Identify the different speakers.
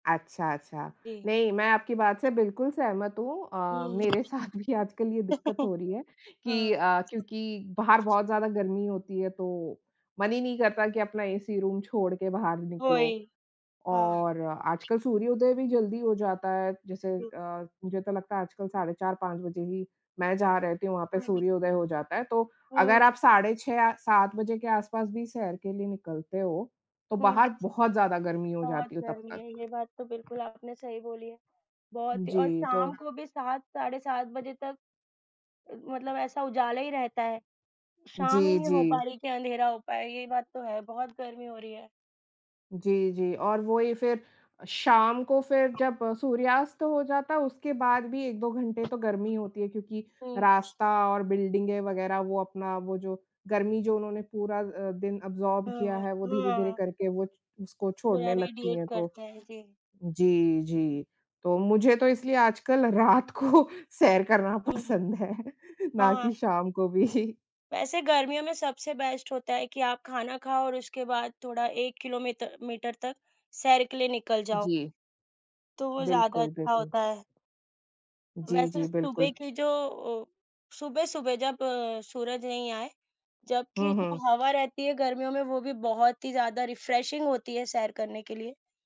Speaker 1: अच्छा, अच्छा।
Speaker 2: जी।
Speaker 1: नहीं, मैं आपकी बात से बिल्कुल सहमत हूँ। अ,
Speaker 2: हुँ।
Speaker 1: मेरे साथ भी आजकल ये दिक्कत हो रही है कि
Speaker 2: हाँ।
Speaker 1: अ, क्योंकि बाहर बहुत ज़्यादा गर्मी होती है, तो मन ही नहीं करता कि अपना एसी रूम छोड़ के बाहर
Speaker 2: वही।
Speaker 1: निकलो।
Speaker 2: हाँ।
Speaker 1: और आजकल सूर्योदय भी जल्दी हो जाता है, जैसे
Speaker 2: हुँ।
Speaker 1: अ, मुझे तो लगता है, आज कल साढ़े 4-5 बजे ही, मैं जहाँ रहती हूँ, वहाँ पे
Speaker 2: हुँ।
Speaker 1: सूर्योदय हो जाता है। तो अगर
Speaker 2: हुँ।
Speaker 1: आप साढ़े 6 या 7 बजे के आसपास भी सैर के लिए निकलते हो, तो
Speaker 2: हुँ।
Speaker 1: बाहर बहुत ज़्यादा गर्मी हो
Speaker 2: बहुत
Speaker 1: जाती है तब
Speaker 2: गर्मी
Speaker 1: तक।
Speaker 2: है, ये बात तो बिल्कुल आपने सही बोली है। बहुत ही और
Speaker 1: जी, तो
Speaker 2: शाम को भी 7 साढ़े 7 बजे तक, मतलब ऐसा उजाला ही रहता है। शाम ही
Speaker 1: जी,
Speaker 2: नहीं हो
Speaker 1: जी।
Speaker 2: पा रही है कि अँधेरा हो पाए। ये बात तो है। बहुत गर्मी हो रही है।
Speaker 1: जी, जी, और वही फिर शाम को फिर जब सूर्यास्त हो जाता है, उसके बाद भी 1-2 घंटे तो गर्मी होती है, क्योंकि
Speaker 2: हुँ।
Speaker 1: रास्ता और बिल्डिंगें वगैरह, वो अपना, वो जो, गर्मी जो उन्होंने पूरा अ, दिन एब्ज़ॉर्ब
Speaker 2: हाँ,
Speaker 1: किया
Speaker 2: हाँ।
Speaker 1: है, वो
Speaker 2: हुँ,
Speaker 1: धीरे-धीरे
Speaker 2: हाँ।
Speaker 1: करके वो उसको
Speaker 2: पूरा
Speaker 1: छोड़ने लगती
Speaker 2: रेडिएट
Speaker 1: हैं। तो
Speaker 2: करता है, जी।
Speaker 1: जी, जी। तो मुझे तो इसलिए आज कल रात को सैर करना
Speaker 2: हुँ।
Speaker 1: पसंद है, ना
Speaker 2: हाँ।
Speaker 1: कि शाम को भी।
Speaker 2: वैसे गर्मियों में सबसे बेस्ट होता है कि आप खाना खाओ और उसके बाद थोड़ा 1 किलो मीतर मीटर तक सैर के लिए निकल जाओ।
Speaker 1: जी।
Speaker 2: तो वो ज़्यादा
Speaker 1: बिल्कुल,
Speaker 2: अच्छा
Speaker 1: बिल्कुल।
Speaker 2: होता है।
Speaker 1: जी,
Speaker 2: वैसे
Speaker 1: जी,
Speaker 2: सुबह
Speaker 1: बिल्कुल।
Speaker 2: की जो अ, सुबह-सुबह जब सूरज नहीं आए, जब की
Speaker 1: हुँ,
Speaker 2: जो
Speaker 1: हुँ।
Speaker 2: हवा रहती है, गर्मियों में वो भी बहुत ही ज़्यादा रिफ्रेशिंग होती है, सैर करने के लिए।